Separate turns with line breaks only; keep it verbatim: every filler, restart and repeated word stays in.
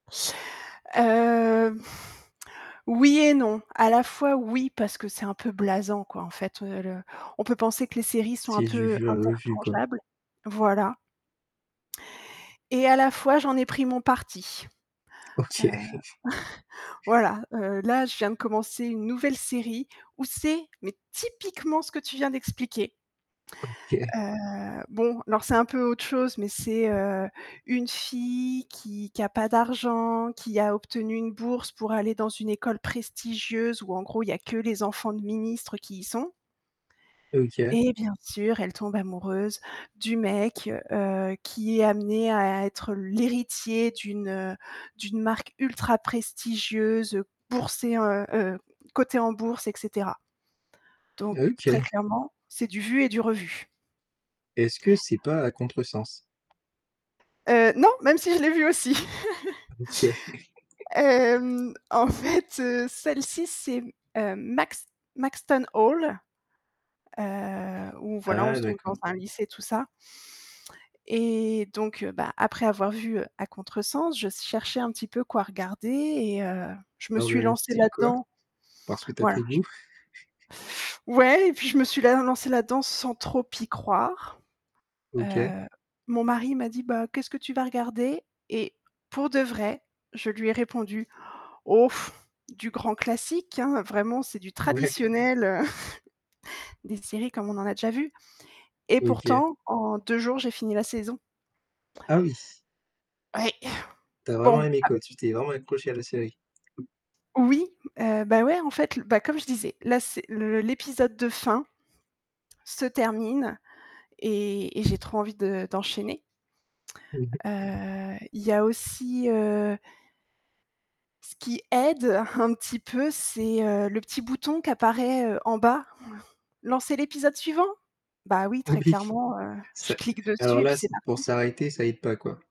Heu, oui et non. À la fois oui, parce que c'est un peu blasant, quoi, en fait, heu, le on peut penser que les séries sont un
C'est du
peu
vu et revu, quoi.
interchangeables, voilà et à la fois j'en ai pris mon parti. Heu,
OK.
voilà, heu, là, je viens de commencer une nouvelle série où c'est, mais typiquement ce que tu viens d'expliquer.
OK.
Heu, bon, alors c'est un peu autre chose, mais c'est, heu, une fille qui qui a pas d'argent, qui a obtenu une bourse pour aller dans une école prestigieuse où en gros, il y a que les enfants de ministres qui y sont,
OK.
et bien sûr, elle tombe amoureuse du mec, heu, qui est amené à être l'héritier d'une, heu, d'une marque ultra prestigieuse, boursée, en heu heu, cotée en bourse, et cetera. Donc très
OK.
clairement, c'est du vu et du revu.
Est-ce que c'est pas À Contresens?
Heu, non, même si je l'ai vu aussi.
OK.
Hem, en fait, heu, celle-ci, c'est mmh, heu, Max Maxton Hall, heu, où voilà, on
Ah
se trouve dans
d'accord.
un lycée, tout ça et donc heu, bah après avoir vu, heu, À Contresens, je s cherchais un petit peu quoi regarder et heu, je me
Dans
suis
le
lancée
fil quoi,
là-dedans,
parce que tu as
voilà
pris
j
goût.
Ouais, et puis je me suis la lancée là-dedans sans trop y croire.
OK.
Heu, mon mari m'a dit: «Bah qu'est-ce que tu vas regarder?» et pour de vrai, je lui ai répondu: «Oh! Du grand classique hein, vraiment c'est du
Ouais.
traditionnel, heu, des séries comme on en a déjà vues» et
OK.
pourtant, en deux jours, j'ai fini la saison.
Ah oui.
Oui,
Tu as vraiment
bon,
aimé
a
quoi, tu t'es vraiment accrochée à la série.
Oui! Heu, bah ouais, en fait l bah, comme je disais, là c'est le l'épisode de fin se termine et et j'ai trop envie de d'enchaîner.
Mmh mh.
Heu, il y a aussi, heu ce qui aide un petit peu, c'est, heu, le petit bouton qui apparaît, heu, en bas. «Lancer l'épisode suivant?» bah oui, très
Oui.
clairement, heu, je
Ca
clique
et alors
dessus et puis
là
c'est
c pour
parti.
s'arrêter, ça aide pas quoi.